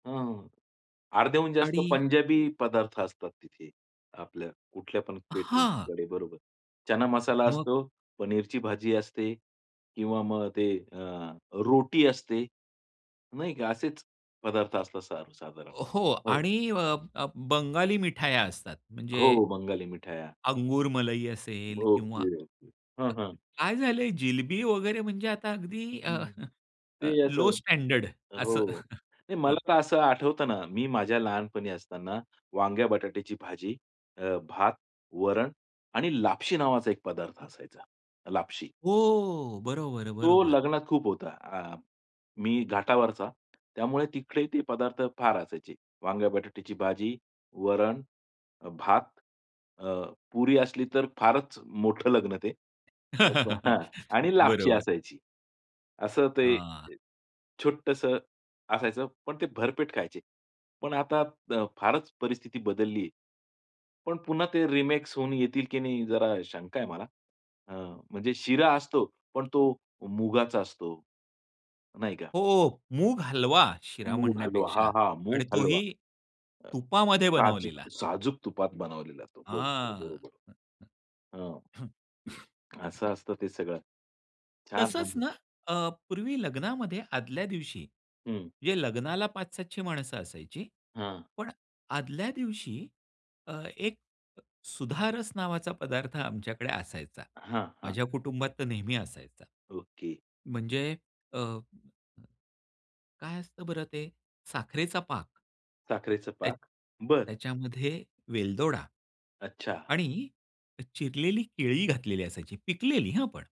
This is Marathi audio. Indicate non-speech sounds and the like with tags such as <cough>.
हं. अर्ध्याहून जास्त आणि पंजाबी पदार्थ असतात तिथे. आपल्या कुठल्या पण हां. कॅटरिंगकडे बरोबर. चना मसाला मग? असतो, पनीरची भाजी असते किंवा मग ते अ, रोटी असते. नाही का? असेच पदार्थ असतात सर्वसाधारण, हो हो. आणि अ, अ, बंगाली मिठाया असतात. हो, म्हणजे हो. बंगाली मिठाया. अंगूर मलई असेल किंवा ओके, ओके. हं, हं. काय झालंय, जिलबी वगैरे म्हणजे आता अगदी अ, हं, <chuckles> ते असं लो स्टँडर्ड असं. हो. <chuckles> नाही हं. मला तर असं आठवतं ना, मी माझ्या लहानपणी असताना वांग्या-बटाट्याची भाजी, अ, भात, वरण आणि लापशी नावाचा एक पदार्थ असायचा. लापशी. हो. बरोबर, तो बरोबर. लग्नात खूप होता. आ, मी घाटावरचा. त्यामुळे तिकडे ते पदार्थ फार असायचे. वांग्या-बटाट्याची भाजी, वरण, अ, भात, अ, पुरी असली तर फारच मोठं लग्न ते. अ, प <laughs> हां, आणि लापशी बरोबर. असायची. असं ते हां. अ, छोटसं असायचं पण ते भरपेट खायचे. पण आता द फारच परिस्थिती बदलली आहे. पण पुन्हा ते रिमेक्स होऊन येतील की नाही जरा शंका आहे मला. अ, म्हणजे शिरा असतो पण तो मुगाचा असतो. नाही का? हो. मूग हलवा, शिरा मूग हलवा, म्हणण्यापेक्षा हां, हां. आणि मूग तोही हलवा. तुपामध्ये साजूक बनवलेला. साजूक तुपात बनवलेला तो. बरोबर, हां. बरोबर. हां. <unintelligible> असं असतं ते सगळं. छान तसंच म्हणजे ना अ, पूर्वी लग्नामध्ये आदल्या दिवशी हं. म्हणजे लग्नाला पाच-सातशे माणसं असायची. हां. पण आदल्या दिवशी अ, एक अ, सुधारस नावाचा पदार्थ आमच्याकडे असायचा. हां, हां, माझ्या हां. कुटुंबात तर नेहमी असायचा. ओके. म्हणजे अ, काय असतं बरं ते? साखरेचा पाक. साखरेचा त्या पाक. बरं. त्याच्यामध्ये वेलदोडा, अच्छा. आणि चिरलेली केळी घातलेली असायची, पिकलेली हां, पण.